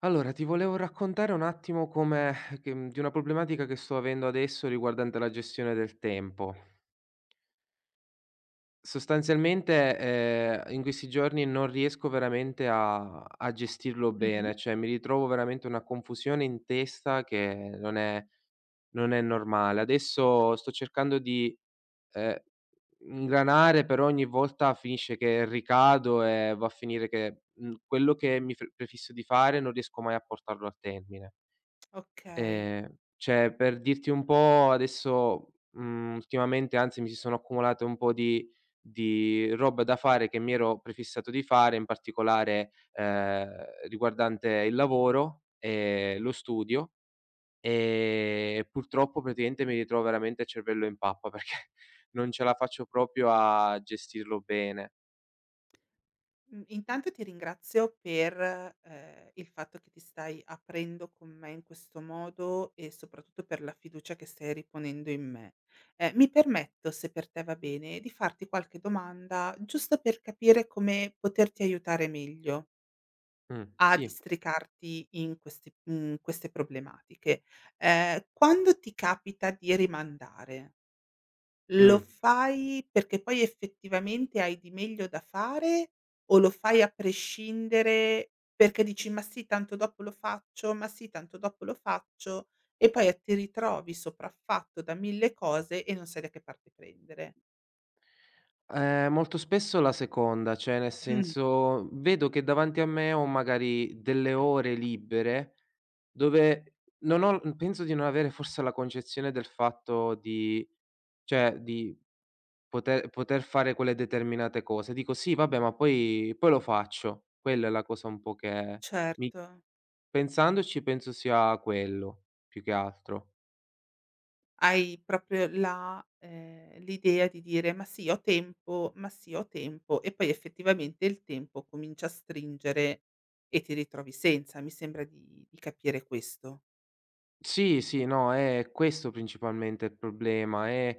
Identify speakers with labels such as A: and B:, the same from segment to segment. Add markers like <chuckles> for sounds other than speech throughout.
A: Allora ti volevo raccontare un attimo come <exhales> che di una problematica che sto avendo adesso riguardante la gestione del tempo. Sostanzialmente, ehm, in questi giorni non riesco veramente a a gestirlo
B: Mh-mh.
A: bene, cioè mi ritrovo veramente una confusione in testa che non è non è normale. Adesso sto cercando di, ehm, ingranare, però ogni volta finisce che ricado e va a finire che, mhmm, quello che mi pre prefisso di fare non riesco mai a portarlo a termine.
B: Okay.
A: Ehm, cioè per dirti un po' adesso mhmm, ultimamente anzi, mi si sono accumulate un po' di di roba da fare che mi ero prefissato di fare in particolare, ehm, riguardante il lavoro e lo studio, ehm, purtroppo praticamente mi ritrovo veramente il cervello in pappa perché non ce la faccio proprio a gestirlo bene.
B: M intanto ti ringrazio per, ehm, il fatto che ti stai aprendo con me in questo modo e soprattutto per la fiducia che stai riponendo in me. Ehm, mi permetto, se per te va bene, di farti qualche domanda giusto per capire come poterti aiutare meglio.
A: Mh,
B: A
A: sì.
B: districarti in queste mhmm, queste problematiche. Ehm, quando ti capita di rimandare lo
A: Mh.
B: fai perché poi effettivamente hai di meglio da fare o lo fai a prescindere, perché dici: "Ma sì tanto dopo lo faccio, ma sì tanto dopo lo faccio," e poi a ti ritrovi sopraffatto da 1.000 cose e non sai da che parte prendere.
A: Ehm, molto spesso la seconda cioè, nel
B: Mh.
A: senso vedo che davanti a me ho magari delle ore libere, dove non ho l penso di non avere forse la concezione del fatto di cioè di poter poter fare quelle determinate cose. Dico: "Sì, vabbè, ma poi poi lo faccio." Quella è la cosa un po' che mi
B: Certo.
A: pensandoci penso sia quello più che altro.
B: Hai proprio la ehm, l'idea di dire: "Ma sì ho tempo, ma sì ho tempo", e poi effettivamente il tempo comincia a stringere, e ti ritrovi senza, mi sembra di di capire questo.
A: Sì, sì, no, è questo principalmente il problema: è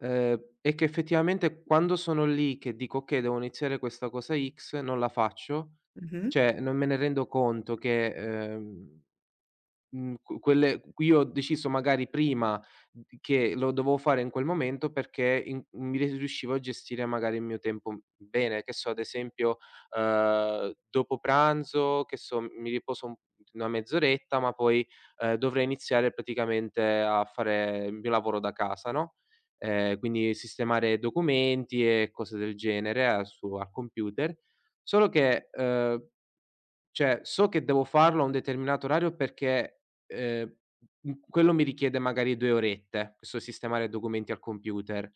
A: ehm, è che effettivamente quando sono lì che dico: "Okay, devo iniziare questa cosa X", non la faccio;
B: Mh-mh.
A: cioè, non me ne rendo conto che, ehm, uhm, qu quelle cui ho deciso magari prima d che lo dovevo fare in quel momento perché in uhm, mi ri riuscivo a gestire magari il mio tempo u bene. Che so, ad esempio, ehm, dopo pranzo che so mi riposo un una mezz'oretta, ma poi, ehm, dovrei iniziare praticamente a fare il mio lavoro da casa, no, ehm, quindi sistemare documenti e cose del genere al su al computer. Solo che ehm, cioè so che devo farlo a un determinato orario perché, ehm, uhm, quello mi richiede magari 2 orette, questo sistemare documenti al computer.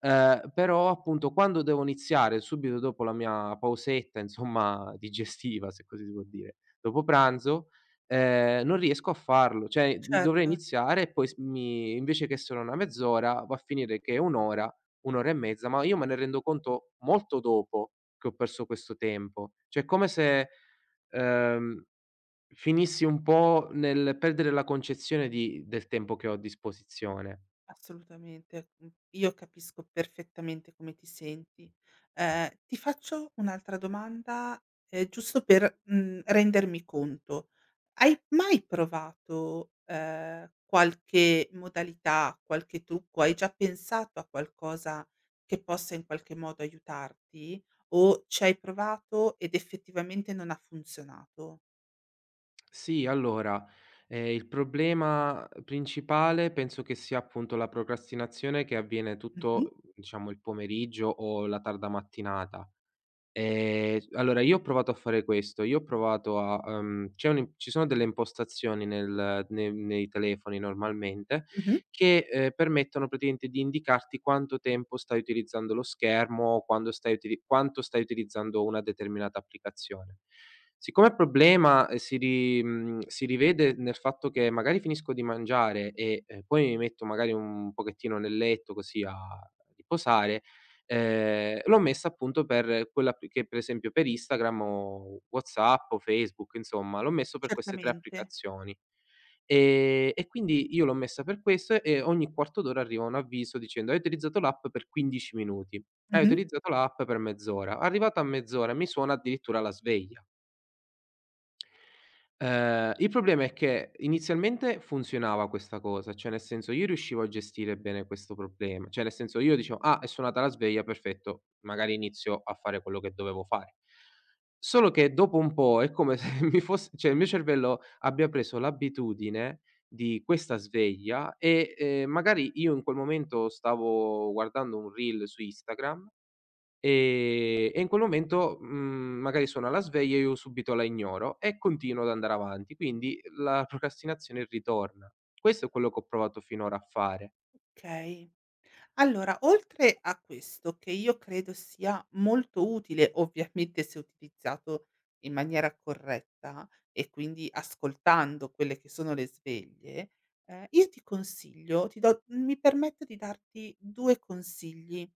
A: Ehm, però appunto quando devo iniziare subito dopo la mia pausetta insomma digestiva, se così si può dire, dopo pranzo, ehm, non riesco a farlo. Cioè, uhm, dovrei
B: Certo.
A: iniziare e poi s mi invece che solo una mezz'ora va a finire che è 1 ora, 1 ora e mezza. Ma io me ne rendo conto molto dopo che ho perso questo tempo, cioè come se, ehm, finissi un po' nel perdere la concezione di del tempo che ho a disposizione.
B: Assolutamente, mh. Io capisco perfettamente come ti senti. Ehm, ti faccio un'altra domanda, ehm, giusto per, uhm, rendermi conto. Hai mai provato, ehm, qualche modalità, qualche trucco, hai già pensato a qualcosa che possa in qualche modo aiutarti? O c'hai provato ed effettivamente non ha funzionato?
A: Sì, allora, ehm, il problema principale penso che sia, appunto, la procrastinazione che avviene
B: Mh-mh.
A: tutto, diciamo, il pomeriggio o la tarda mattinata. Ehm, s allora, io ho provato a fare questo, io ho provato a ehm, c'è un in ci sono delle impostazioni nel ne nei telefoni normalmente
B: Mh-mh.
A: che, ehm, permettono praticamente di indicarti quanto tempo stai utilizzando lo schermo o quando stai utili quanto stai utilizzando una determinata applicazione. Siccome il problema, uhm, si ri mhmm, si rivede nel fatto che magari finisco di mangiare e, ehm, poi mi metto magari un pochettino nel letto così a riposare, ehm, l'ho messa, appunto, per quella app che, per esempio, per Instagram o WhatsApp o Facebook, insomma, l'ho messo per queste 3
B: Certamente.
A: applicazioni. Ehm, e quindi io l'ho messa per questo e ogni quarto d'ora arriva un avviso dicendo: "Hai utilizzato l'app per 15 minuti, hai
B: Mh-mh.
A: utilizzato l'app per mezz'ora", arrivata a mezz'ora mi suona addirittura la sveglia. Ehm, il problema è che, inizialmente, funzionava questa cosa, cioè, nel senso io riuscivo a gestire bene questo proble cioè nel senso io dicevo: "Ah, è suonata la sveglia, perfetto, magari inizio a fare quello che dovevo fare"; solo che dopo un po' è come se mi fosse cioè il mio cervello abbia preso l'abitudine di questa sveglia e, ehm, magari, io in quel momento stavo guardando un reel su Instagram, ehm, e in quel momento, mhmm, magari suona la sveglia e io subito la ignoro e continuo ad andare avanti, quindi la procrastinazione ritorna. Questo è quello che ho provato finora a fare.
B: Okay. Allora, oltre a questo, che io credo sia molto utile, ovviamente, se utilizzato in maniera corretta e quindi ascoltando quelle che sono le sveglie, ehm, io ti consiglio ti do mi permetto di darti 2 consigli: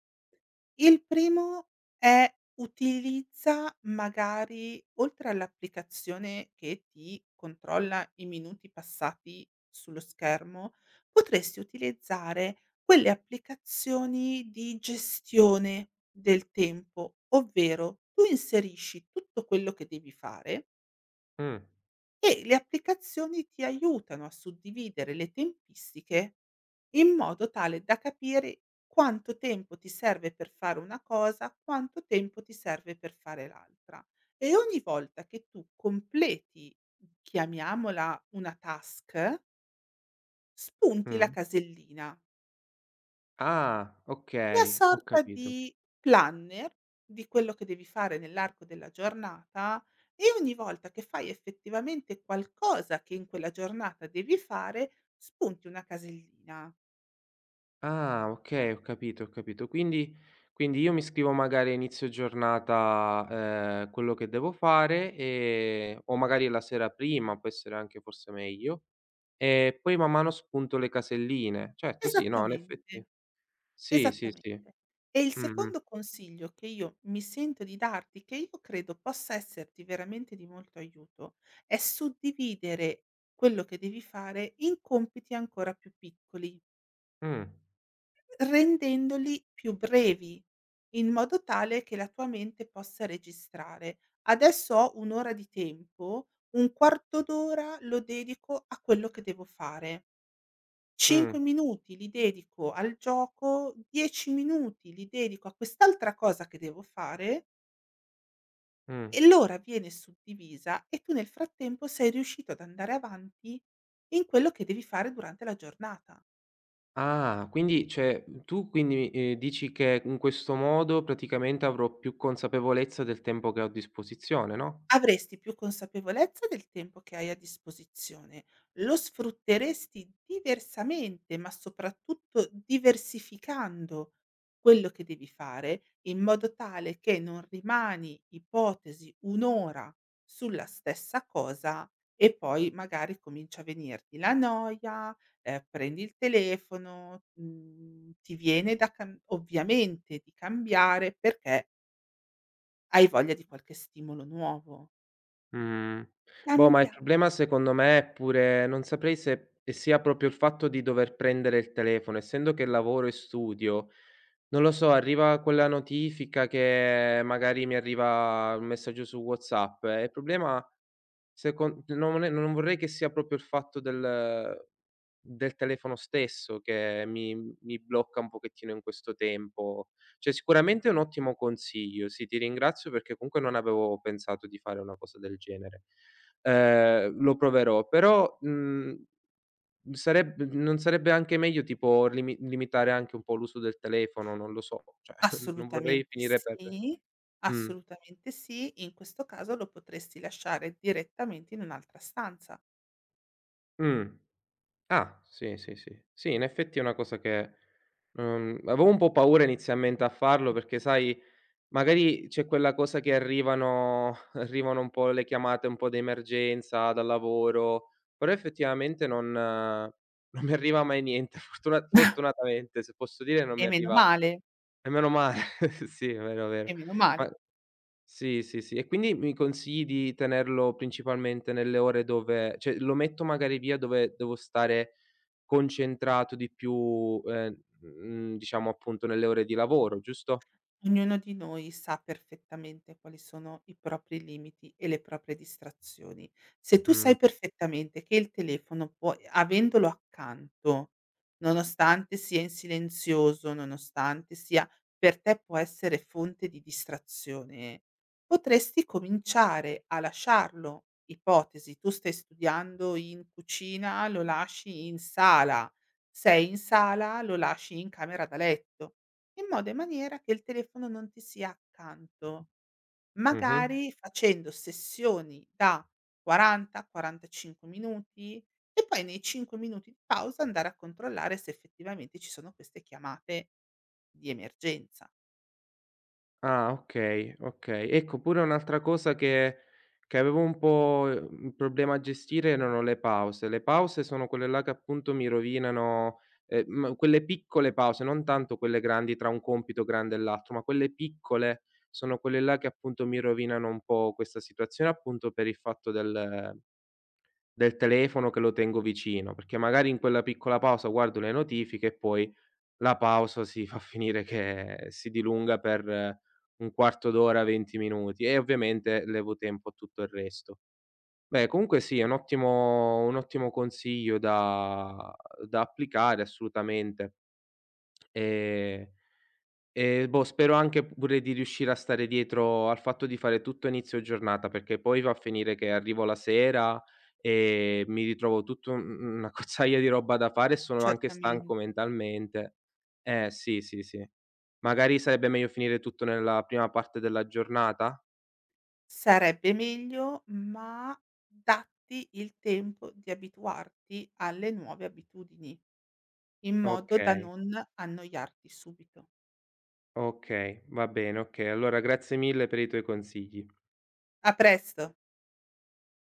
B: il primo è utilizza magari, oltre all'applicazione che ti controlla i minuti passati sullo schermo potresti utilizzare quelle applicazioni di gestione del tempo, ovvero, tu inserisci tutto quello che devi fare
A: Mh.
B: E le applicazioni ti aiutano a suddividere le tempistiche, in modo tale da capire quanto tempo ti serve per fare una cosa, quanto tempo ti serve per fare l'altra. E ogni volta che tu completi, chiamiamola una task spunti la
A: Mh.
B: casellina.
A: Ah,
B: Una
A: okay, ho
B: sorta
A: capito.
B: di planner di quello che devi fare nell'arco della giornata e ogni volta che fai effettivamente qualcosa che in quella giornata devi fare, spunti una casellina.
A: Ah, okay, ho capito, ho capito. Quindi quindi io mi scrivo magari a inizio giornata, ehm, quello che devo fare e o magari la sera prima può essere anche forse meglio e poi man mano spunto le caselline. Certo, sì, no, in
B: Esattamente.
A: effetti sì, sì,
B: Esattamente.
A: sì.
B: E il
A: Mh-mh.
B: secondo consiglio che io mi sento di darti, che io credo possa esserti veramente di molto aiuto, è suddividere quello che devi fare in compiti ancora più piccoli.
A: Mh.
B: Rendendoli più brevi, in modo tale che la tua mente possa registrare: "Adesso ho un'ora di tempo, un quarto d'ora lo dedico a quello che devo fare." "5
A: Mh.
B: minuti li dedico al gioco, 10 minuti li dedico a quest'altra cosa che devo fare".
A: Mh.
B: E l'ora viene suddivisa e tu nel frattempo sei riuscito ad andare avanti in quello che devi fare durante la giornata.
A: Ah, quindi cioè tu quindi, ehm, dici che in questo modo praticamente avrò più consapevolezza del tempo che ho a disposizione, no?
B: Avresti più consapevolezza del tempo che hai a disposizione. Lo sfrutteresti diversamente, ma soprattutto diversificando, quello che devi fare in modo tale che non rimani, ipotesi, un'ora sulla stessa cosa e poi magari comincia a venirti la noia, ehm, prendi il telefono, mhmm, ti viene da cam ovviamente di cambiare perché Hai voglia di qualche stimolo nuovo.
A: Mh, boh, ma il
B: Cambia
A: problema secondo me è pure non saprei se sia proprio il fatto di dover prendere il telefono. Essendo che lavoro e studio, non lo so, arriva quella notifica che magari mi arriva un messaggio su WhatsApp e il problema se con no non è non vorrei che sia proprio il fatto del del telefono stesso che mi mi blocca un pochettino in questo tempo, cioè sicuramente è un ottimo consiglio, sì, ti ringrazio perché comunque non avevo pensato di fare una cosa del genere. Ehm, lo proverò, però, mhmm, sareb non sarebbe anche meglio tipo limi limitare anche un po' l'uso del telefono? Non lo so. Cioè, <scoffs> non vorrei
B: Assolutamente
A: finire per
B: sì.
A: mh.
B: Assolutamente sì. In questo caso, lo potresti lasciare direttamente in un'altra stanza.
A: Mh. Ah, sì, sì, sì. Sì, in effetti, è una cosa che non avevo un po' paura inizialmente a farlo perché, sai, magari c'è quella cosa che arrivano <chuckles> arrivano un po' le chiamate un po' d'emergenza dal lavoro. Però, effettivamente, non non mi arriva mai niente. Fortuna
B: <chuckles>
A: fortunatamente, se posso dire, non
B: E
A: mi
B: meno
A: arriva
B: male.
A: e meno male. <chuckles> Sì, vero, vero,
B: E meno
A: ma
B: male.
A: sì, sì, sì e quindi mi consigli di tenerlo principalmente nelle ore dove cioè, lo metto magari via dove devo stare concentrato di più, ehm, mhmm, diciamo, appunto, nelle ore di lavoro, giusto?
B: Ognuno di noi sa perfettamente quali sono i propri limiti e le proprie distrazioni. Se tu
A: Mh.
B: sai perfettamente che il telefono puoi avendolo accanto, nonostante sia in silenzioso, nonostante sia per te può essere fonte di distrazione, potresti cominciare a lasciarlo. Ipotesi: tu stai studiando in cucina, lo lasci in sala, sei in sala, lo lasci in camera da letto, in modo e in maniera che il telefono non ti sia accanto.
A: Mh-mh.
B: Magari, facendo sessioni da 40-45 minuti e poi nei 5 minuti di pausa andare a controllare se effettivamente ci sono queste chiamate di emergenza.
A: Ah, okay, okay. Ecco, pure un'altra cosa che che avevo un po', mhmm, un problema a gestire, erano le pause. Le pause sono quelle là che, appunto, mi rovinano ehm, mhmm, quelle piccole pause, non tanto quelle grandi, tra un compito grande e l'altro, ma quelle piccole, sono quelle là che, appunto, mi rovinano un po' questa situazione, appunto, per il fatto del del telefono che lo tengo vicino, perché magari in quella piccola pausa guardo le notifiche e poi la pausa si va a finire che si dilunga per un quarto d'ora, 20 minuti e ovviamente levo tempo a tutto il resto. Beh, comunque, sì, è un ottimo un ottimo consiglio da uhm, da applicare assolutamente. Ehm, eh, boh, spero anche pure di riuscire a stare dietro al fatto di fare tutto a inizio giornata perché poi va a finire che arrivo la sera e mi ritrovo tutto mhmm, un'accozzaglia di roba da fare e sono anche stanco
B: Certamente.
A: mentalmente. Eh sì, sì, sì, magari sarebbe meglio finire tutto nella prima parte della giornata?
B: Sarebbe meglio, ma datti il tempo di abituarti alle nuove abitudini, in modo da
A: Okay.
B: non annoiarti subito.
A: Okay, va bene. Okay, allora, grazie mille per i tuoi consigli.
B: A presto.